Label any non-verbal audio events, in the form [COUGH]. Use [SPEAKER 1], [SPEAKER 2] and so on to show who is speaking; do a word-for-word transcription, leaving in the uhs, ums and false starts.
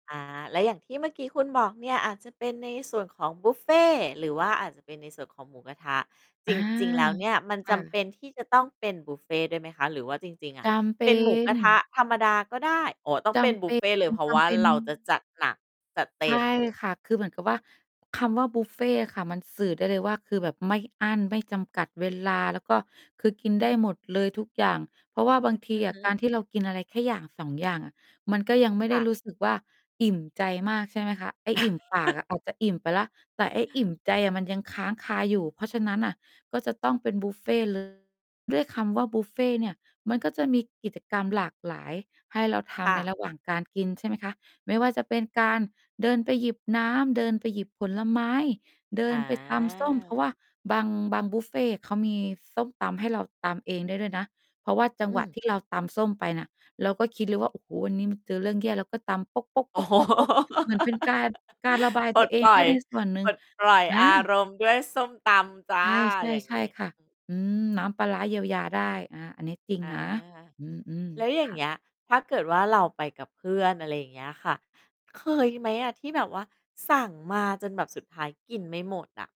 [SPEAKER 1] อา แล้วอย่างที่เมื่อกี้คุณบอกเนี่ย อาจจะเป็นในส่วนของบุฟเฟต์ หรือว่าอาจจะเป็นในส่วนของหมูกระทะ จ
[SPEAKER 2] อา
[SPEAKER 1] ริง ๆ แล้วเนี่ย มัน
[SPEAKER 2] ค
[SPEAKER 1] จ
[SPEAKER 2] ่
[SPEAKER 1] ำเป
[SPEAKER 2] ะ
[SPEAKER 1] ็นที่จะต้องเป็นบุฟเฟ่ต์ด้วยไหมคะ? หรือว่าจริง ๆ อ
[SPEAKER 2] จ
[SPEAKER 1] ะ
[SPEAKER 2] ำเป
[SPEAKER 1] เป
[SPEAKER 2] ็
[SPEAKER 1] ็นหมูกร
[SPEAKER 2] น
[SPEAKER 1] ะทะธรรมดาก็ได้ อ๋อ ต้อง
[SPEAKER 2] จ
[SPEAKER 1] เป็น
[SPEAKER 2] ำ
[SPEAKER 1] บุฟเฟ่ต์เลย เพราะว่า
[SPEAKER 2] เป็น
[SPEAKER 1] เร
[SPEAKER 2] ๆ
[SPEAKER 1] าจะจัดหนักจัดเต
[SPEAKER 2] ใช
[SPEAKER 1] ็
[SPEAKER 2] ่
[SPEAKER 1] ม
[SPEAKER 2] ค่ะ คือเหมือนกับว่า คำว่าบุฟเฟต์ค่ะ มันสื่อได้เลยว่า คือแบบไม่อั้นไม่จำกัด เวลา แล้วก็ คือกินได้หมดเลยทุกอย่าง เพราะว่าบางท
[SPEAKER 1] อ
[SPEAKER 2] ี
[SPEAKER 1] ือ
[SPEAKER 2] อ
[SPEAKER 1] ฮ
[SPEAKER 2] ะ
[SPEAKER 1] ึ
[SPEAKER 2] การที่เรากินอะไรแค่อย่าง สอง อย่างอะ มันก็ยังไม่
[SPEAKER 1] ค
[SPEAKER 2] ได้
[SPEAKER 1] ่
[SPEAKER 2] ร
[SPEAKER 1] ะ
[SPEAKER 2] ู้สึกว่า อิ่มใจมาก ใช่ไหมคะ ไอ้อิ่มปากอ
[SPEAKER 1] [LAUGHS]
[SPEAKER 2] ะ อาจจะอิ่มไปแล้ว แต่ไอ้อิ่มใจอะมันยังค้างคาอยู่ เพราะฉะนั้นน่ะ ก็จะต้องเป็นบุฟเฟต์ เลย ด้วยคำว่าบุฟเฟต์เนี่ย มันก็จะมีกิจกรรมหลากหลายให้เราท
[SPEAKER 1] ค่
[SPEAKER 2] ำใน
[SPEAKER 1] ะ
[SPEAKER 2] ระหว่างการกิน ใช่ไหมคะ ไม่ว่าจะเป็นการเดินไปหยิบน้ำ เดินไปหยิบผลไม้ เดิ
[SPEAKER 1] อ
[SPEAKER 2] นไปตำส้ม เพราะว
[SPEAKER 1] า
[SPEAKER 2] ่าบาง บางบุฟเฟต์เขามีส้มตำให้เราตำเองได้ด้วยนะ เพราะว่าจัง
[SPEAKER 1] อื
[SPEAKER 2] หวะ
[SPEAKER 1] อ
[SPEAKER 2] ที่เราตำส้มไปน่ะ เราก็คิดเลยว่า โอ้โฮ วันนี้มันเจอเรื่องแย่ แล้วก็ตำโป๊ก ๆ
[SPEAKER 1] โอ้โฮ [LAUGHS]
[SPEAKER 2] ๆ ๆ ๆ เหมือนเป็นการ การระบาย
[SPEAKER 1] ป
[SPEAKER 2] ต
[SPEAKER 1] ล
[SPEAKER 2] ัว
[SPEAKER 1] ด
[SPEAKER 2] เอ
[SPEAKER 1] ป
[SPEAKER 2] ง
[SPEAKER 1] ล
[SPEAKER 2] ไ
[SPEAKER 1] ่
[SPEAKER 2] ด
[SPEAKER 1] อ
[SPEAKER 2] ้
[SPEAKER 1] ย
[SPEAKER 2] ในส่วนหนึ
[SPEAKER 1] ป
[SPEAKER 2] ่ง
[SPEAKER 1] ลดปล่อย
[SPEAKER 2] อ
[SPEAKER 1] อา
[SPEAKER 2] า
[SPEAKER 1] รมณ์ด้วยส้มตำจ้
[SPEAKER 2] ใ
[SPEAKER 1] ะ อย่าง
[SPEAKER 2] ช
[SPEAKER 1] ง
[SPEAKER 2] ่
[SPEAKER 1] ี้
[SPEAKER 2] ๆ ๆ ค่ะ อืม น้ำปลาร้าเยียวยาได้ อา อันนี้จริง
[SPEAKER 1] อา
[SPEAKER 2] นะ อืม
[SPEAKER 1] แล้วอย
[SPEAKER 2] ๆ
[SPEAKER 1] ่
[SPEAKER 2] ค
[SPEAKER 1] าง
[SPEAKER 2] ่
[SPEAKER 1] เง
[SPEAKER 2] ะ
[SPEAKER 1] ี้ยถ้าเกิดว่าเราไปกับเพื่อน อะไรอย่างเงี้ยค่ะ เคยไหมอะ? ที่แบบว่าสั่งมาจนแบบสุดท้ายกินไม่หมดอะ